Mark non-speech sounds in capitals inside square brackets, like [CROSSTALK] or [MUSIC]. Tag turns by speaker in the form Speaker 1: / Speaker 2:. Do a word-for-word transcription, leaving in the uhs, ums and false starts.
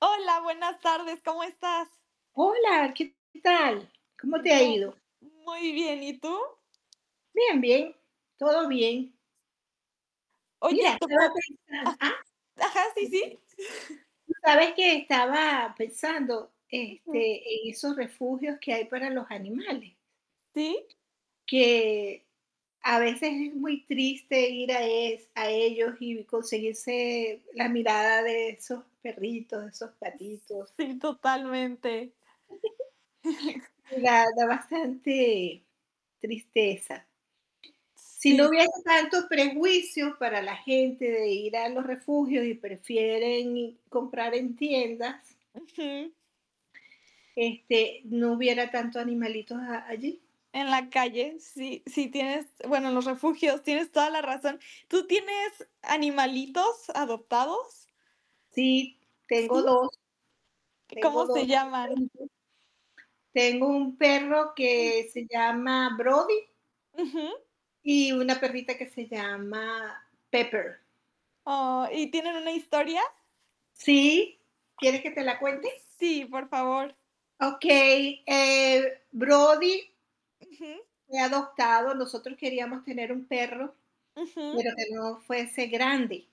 Speaker 1: Hola, buenas tardes, ¿cómo estás?
Speaker 2: Hola, ¿qué tal? ¿Cómo te ha
Speaker 1: Yo
Speaker 2: ido?
Speaker 1: muy bien, ¿y tú?
Speaker 2: Bien, bien, todo bien. Mira,
Speaker 1: Oye, te
Speaker 2: estaba
Speaker 1: por
Speaker 2: pensan ah
Speaker 1: ah, ajá, sí, sí. [CHUCKLES]
Speaker 2: Tú sabes que estaba pensando,
Speaker 1: Ujú.
Speaker 2: este, en esos refugios que hay para los animales.
Speaker 1: Sí.
Speaker 2: Que a veces es muy triste ir a es a ellos y conseguirse la mirada de esos perritos, esos patitos.
Speaker 1: Sí, totalmente.
Speaker 2: [GIGGLES] Da
Speaker 1: [CHUCKLES]
Speaker 2: da bastante tristeza. Si no
Speaker 1: Sí.
Speaker 2: hubieran tantos prejuicios para la gente de ir a los refugios y prefieren comprar en tiendas
Speaker 1: Ujú.
Speaker 2: Este, no hubiera tantos animalitos a allí.
Speaker 1: En la calle, sí sí, tienes, bueno, en los refugios, tienes toda la razón, ¿tú tienes animalitos adoptados?
Speaker 2: Sí, tengo
Speaker 1: ¿Sí?
Speaker 2: dos, tengo
Speaker 1: ¿Cómo
Speaker 2: dos,
Speaker 1: se llaman?
Speaker 2: perritos. Tengo un perro que
Speaker 1: [UNINTELLIGIBLE]
Speaker 2: se llama Brody
Speaker 1: Ujú.
Speaker 2: y una perrita que se llama Pepper.
Speaker 1: Ah, ¿y tienen una historia?
Speaker 2: Sí, ¿quieres que te la cuente?
Speaker 1: Sí, por favor.
Speaker 2: Okey, eh, Brody
Speaker 1: Ujú.
Speaker 2: fue adoptado, nosotros queríamos tener un perro,
Speaker 1: Ujú.
Speaker 2: pero, que no fuese grande.